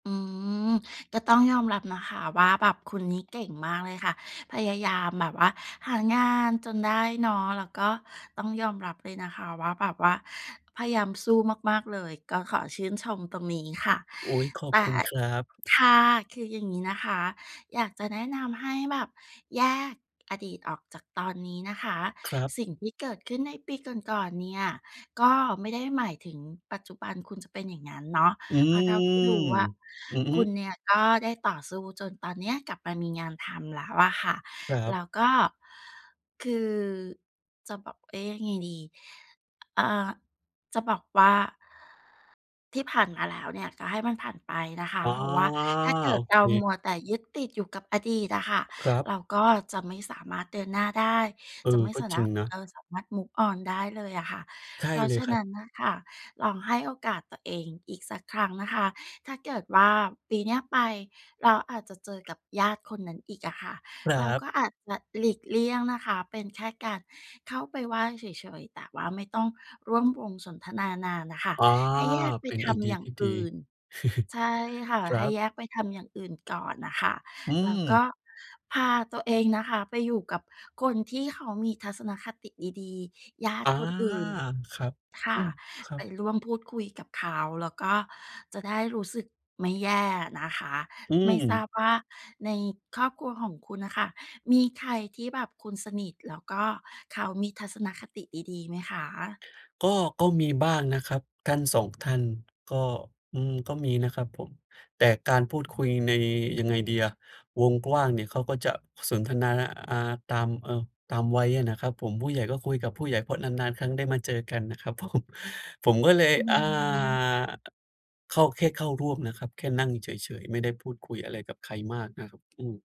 อืม ก็ต้องยอมรับนะคะว่าแบบคุณนี้เก่งมากเลยค่ะ พยายามแบบว่าหางานจนได้เนาะ แล้วก็ต้องยอมรับเลยนะคะว่าแบบว่าพยายามสู้มาก ๆ เลย ก็ขอชื่นชมตรงนี้ค่ะ อุ๊ย ขอแตบ่ คุณครับ ค่ะ คืออย่างงี้นะคะ อยากจะแนะนำให้แบบแยกอดีตออกจากตอนนี้นะคะ ครับ สิ่งที่เกิดขึ้นในปีก่อน ๆ เนี่ย ก็ไม่ได้หมายถึงปัจจุบันคุณจะเป็นอย่างงั้นเนาะ อืเพราะเท่าที่ม รู้อะ อือฮคุึ ณเนี่ยก็ได้ต่อสู้จนตอนเนี้ยกลับมามีงานทำแล้วอะค่ะ ครัแบ ล้วก็ คือ จะบอก เอ๊ะ ยังไงดี อ เออ จะบอกว่า ที่ผ่านมาแล้วเนี่ยก็ให้มันผ่านไปนะคะ อา เพราะว่าถ้าเกิโอดเเรามค ัวแต่ยึดติดอยู่กับอดีตอะค่ะ ครับ เราก็จะไม่สามารถเดินหน้าได้ เออ จะไม่ก็สาจนริะ งนะ เออ สามารถ move on ได้เลยอะค่ะ ใช่เพราะเลฉยะครนับ ั้นน่ะค่ะ ลองให้โอกาสตัวเองอีกสักครั้งนะคะ ถ้าเกิดว่าปีเนี้ยไป เราอาจจะเจอกับญาติคนนั้นอีกอะค่ะ ครัเราบ ก็อาจจะหลีกเลี่ยงนะคะ เป็นแค่การเข้าไปไหว้เฉย ๆ แต่ว่าไม่ต้องร่วมวงสนทนานานน่ะค่ะ อา ให้แยกไปเป็นทไอเดีำอยย่าทงี่ดอี ื่น ใช่ค่ะ ครใัห้บ แยกไปทำอย่างอื่นก่อนน่ะค่ะ อืแล้วก็ม พาตัวเองนะคะไปอยู่กับคนที่เขามีทัศนคติดี ๆ ญาตอิา คนอื่น ครับ คอ่ืะ ม ครัไปบ ร่วมพูดคุยกับเขาแล้วก็จะได้รู้สึกไม่แย่นะคะ อืไม่ทราม บว่าในครอบครัวของคุณน่ะค่ะ มีใครที่แบบคุณสนิทแล้วก็เขามีทัศนคติดี ๆ ไหมคะ? ก็ ก็มีบ้างนะครับ ท่าน 2 ท่าน ก็ อืม ก็มีนะครับผม แต่การพูดคุยใน ยังไงดีอะ วงกว้างเนี่ยเขาก็จะสนทนา น อ่า ตาม เออ ตามวัยอะนะครับผม ผู้ใหญ่ก็คุยกับผู้ใหญ่ เพราะนาน ๆ ครั้งได้มาเจอกันนะครับ ผม ผมก็เลย อือ่า ม อ เข้า แค่เข้าร่วมนะครับ แค่นั่งเฉย ๆ ไม่ได้พูดคุยอะไรกับใครมากนะครับ อืม